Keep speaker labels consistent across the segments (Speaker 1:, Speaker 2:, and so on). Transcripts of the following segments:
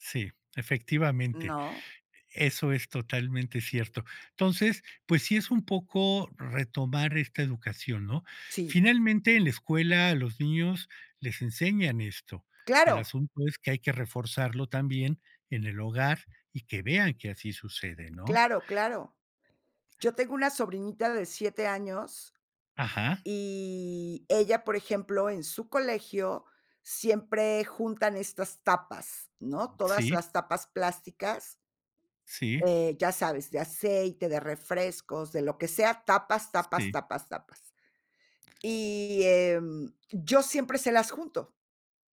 Speaker 1: Sí, efectivamente.
Speaker 2: No.
Speaker 1: Eso es totalmente cierto. Entonces pues sí es un poco retomar esta educación, ¿no?
Speaker 2: Sí.
Speaker 1: Finalmente, en la escuela, a los niños les enseñan esto. El
Speaker 2: Claro.
Speaker 1: asunto es que hay que reforzarlo también en el hogar y que vean que así sucede, ¿no?
Speaker 2: Claro, claro. Yo tengo una sobrinita de 7 años,
Speaker 1: Ajá.
Speaker 2: y ella, por ejemplo, en su colegio siempre juntan estas tapas, ¿no? Todas
Speaker 1: Sí.
Speaker 2: las tapas plásticas
Speaker 1: Sí.
Speaker 2: eh ya sabes, de aceite, de refrescos, de lo que sea, tapas, tapas,
Speaker 1: Sí.
Speaker 2: tapas, tapas. Y, em, yo siempre se las junto,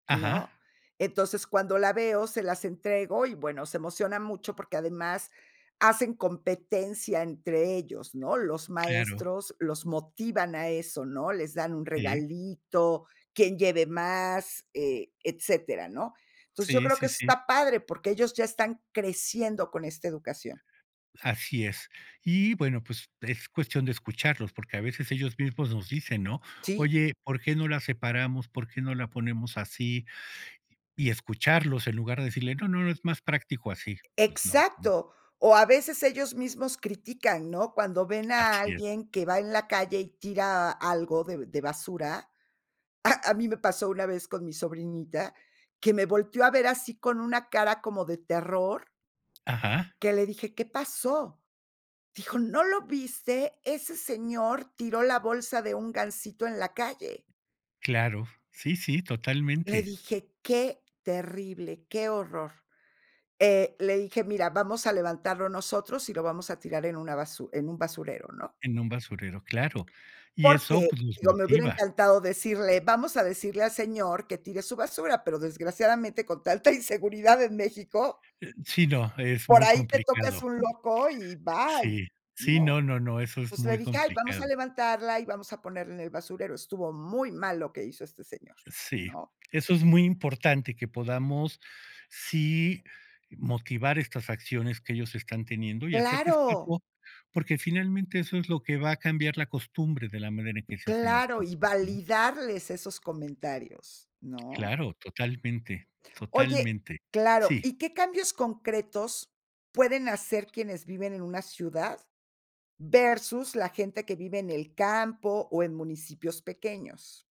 Speaker 1: Ajá.
Speaker 2: ¿no? Entonces, cuando la veo, se las entrego y, bueno, se emociona mucho porque, además, hacen competencia entre ellos, ¿no? Los
Speaker 1: Claro.
Speaker 2: maestros los motivan a eso, ¿no? Les dan un
Speaker 1: Eh.
Speaker 2: regalito, quien lleve más, eh, etcétera, ¿no? Entonces, yo
Speaker 1: Sí,
Speaker 2: creo que
Speaker 1: sí,
Speaker 2: eso
Speaker 1: sí.
Speaker 2: está padre, porque ellos ya están creciendo con esta educación.
Speaker 1: Así es. Y, bueno, pues, es cuestión de escucharlos, porque a veces ellos mismos nos dicen, ¿no?
Speaker 2: Sí.
Speaker 1: "Oye, ¿por qué no la separamos, por qué no la ponemos así?". Y escucharlos, en lugar de decirle: "No, no, es más práctico así", pues no, ¿no?
Speaker 2: Exacto. O a veces ellos mismos critican, ¿no? Cuando ven a
Speaker 1: Así es.
Speaker 2: alguien que va en la calle y tira algo de de basura. ¡Ah!, a mí me pasó una vez con mi sobrinita, que me volteó a ver así, con una cara como de terror
Speaker 1: Ajá.
Speaker 2: que le dije: "¿Qué pasó?", dijo, "¿No lo viste? Ese señor tiró la bolsa de un gansito en la calle".
Speaker 1: Claro. Sí, sí,
Speaker 2: Le
Speaker 1: totalmente.
Speaker 2: dije: "Qué terrible, qué horror". Eh, le dije: "Mira, vamos a levantarlo nosotros y lo vamos a tirar en una basu en un basurero", ¿no?
Speaker 1: En un basurero, claro. Y eso,
Speaker 2: Porque,
Speaker 1: pues, los
Speaker 2: digo, me hubiera
Speaker 1: motiva.
Speaker 2: encantado decirle: "Vamos a decirle al señor que tire su basura", pero, desgraciadamente, con tanta inseguridad en Mexico
Speaker 1: Eh, sí, no, es
Speaker 2: por
Speaker 1: muy
Speaker 2: ahí te tocas
Speaker 1: complicado.
Speaker 2: un loco y bye,
Speaker 1: Sí. Sí,
Speaker 2: ¿no?
Speaker 1: no, no, no, eso es
Speaker 2: Entonces le
Speaker 1: muy
Speaker 2: dije: "Ay, vamos a
Speaker 1: complicado.
Speaker 2: levantarla y vamos a ponerla en el basurero. Estuvo muy mal lo que hizo este señor",
Speaker 1: Sí.
Speaker 2: ¿no?
Speaker 1: Eso es muy importante, que podamos, sí, motivar estas acciones que ellos están teniendo y hacerles
Speaker 2: Claro.
Speaker 1: [unintelligible] porque finalmente eso es lo que va a cambiar la costumbre de la manera en que se hacen las
Speaker 2: Claro,
Speaker 1: cosas,
Speaker 2: y
Speaker 1: ¿no?
Speaker 2: validarles esos comentarios, ¿no?
Speaker 1: Claro, totalmente.
Speaker 2: Oye
Speaker 1: Totalmente.
Speaker 2: claro.
Speaker 1: Sí.
Speaker 2: ¿Y qué cambios concretos pueden hacer quienes viven en una ciudad versus la gente que vive en el campo o en municipios pequeños?